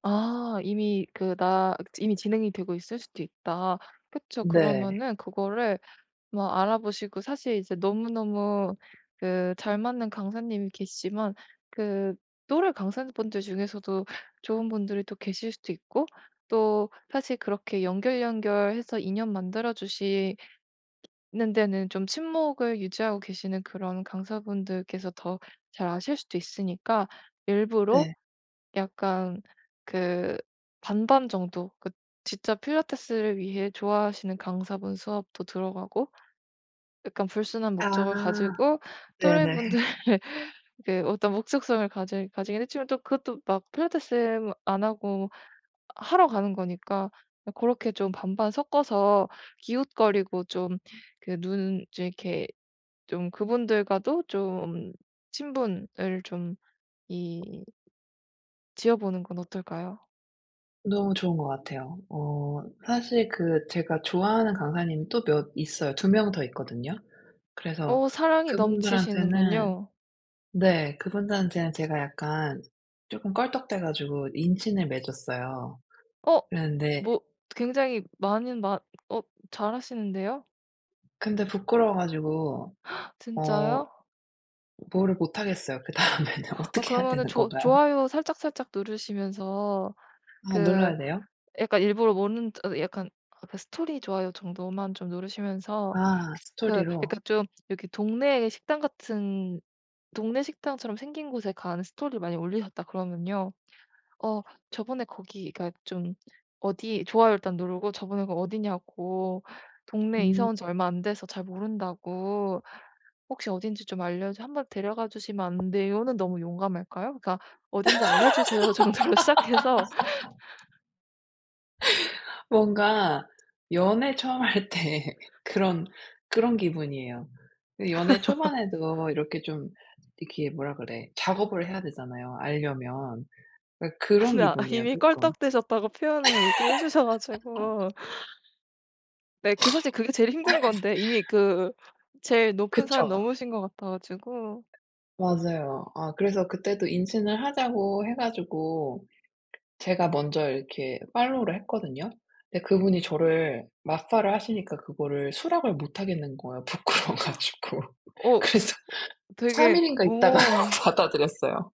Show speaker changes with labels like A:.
A: 아. 이미 그 나 그 이미 진행이 되고 있을 수도 있다. 그쵸.
B: 네.
A: 그러면은 그거를 뭐 알아보시고 사실 이제 너무너무 그 잘 맞는 강사님이 계시지만 그 또래 강사분들 중에서도 좋은 분들이 또 계실 수도 있고 또 사실 그렇게 연결, 연결해서 인연 만들어 주시 ...는 데는 좀 친목을 유지하고 계시는 그런 강사분들께서 더 잘 아실 수도 있으니까 일부러
B: 네.
A: 약간 그 반반 정도 그 진짜 필라테스를 위해 좋아하시는 강사분 수업도 들어가고 약간 불순한
B: 아.
A: 목적을 가지고
B: 네네.
A: 또래분들 그 어떤 목적성을 가질 가지긴 했지만 또 그것도 막 필라테스 안 하고 하러 가는 거니까 고렇게 좀 반반 섞어서 기웃거리고 좀 그 눈 좀 이렇게 좀 그분들과도 좀 친분을 좀 이 지어보는 건 어떨까요?
B: 너무 좋은 것 같아요. 어 사실 그 제가 좋아하는 강사님이 또 몇 있어요. 2 명 더 있거든요. 그래서
A: 어 사랑이
B: 그분들한테는
A: 넘치시는군요.
B: 네 그분들한테는 제가 약간 조금 껄떡대 가지고 인친을 맺었어요.
A: 어.
B: 그랬는데
A: 뭐 굉장히 많은 마 어 잘하시는데요.
B: 근데 부끄러워 가지고 어
A: 진짜요?
B: 뭐를 못하겠어요. 그다음에는
A: 어
B: 어떻게 해야
A: 그러면은
B: 되는
A: 조
B: 건가요?
A: 좋아요 살짝살짝 누르시면서
B: 아
A: 그
B: 눌러야 돼요?
A: 약간 일부러 모르는 어 약간 아 그 스토리 좋아요 정도만 좀 누르시면서
B: 아
A: 그 약간
B: 스토리로.
A: 좀 이렇게 동네의 식당 같은 동네 식당처럼 생긴 곳에 가는 스토리를 많이 올리셨다 그러면요. 어 저번에 거기가 좀 어디 좋아요 일단 누르고 저번에 그 어디냐고 동네 이사
B: 음.
A: 온 지 얼마 안 돼서 잘 모른다고 "혹시 어딘지 좀 알려 한 번 데려가 주시면 안 돼요."는 너무 용감할까요? 그러니까 "어딘지 알려주세요." 정도로 시작해서.
B: 뭔가 연애 처음 할 때 그런, 그런 기분이에요. 연애 초반에도 이렇게 좀 이렇게 뭐라 그래 작업을 해야 되잖아요, 알려면. 그니까 그런
A: 근데 아
B: 기분이에요
A: 이미
B: 쪼끔.
A: 껄떡대셨다고 표현을 이렇게 해 주셔 가지고 네 그 사실 그게 제일 힘든 건데 이미 그 제일 높은 산
B: 그쵸.
A: 넘으신 것 같아 가지고
B: 맞아요. 아 그래서 그때도 인친을 하자고 해 가지고 제가 먼저 이렇게 팔로우를 했거든요. 근데 그분이 저를 맞팔을 하시니까 그거를 수락을 못 하겠는 거예요, 부끄러워 가지고.
A: 어.
B: 그래서 3
A: 되게
B: 일인가 있다가
A: 우와.
B: 받아들였어요.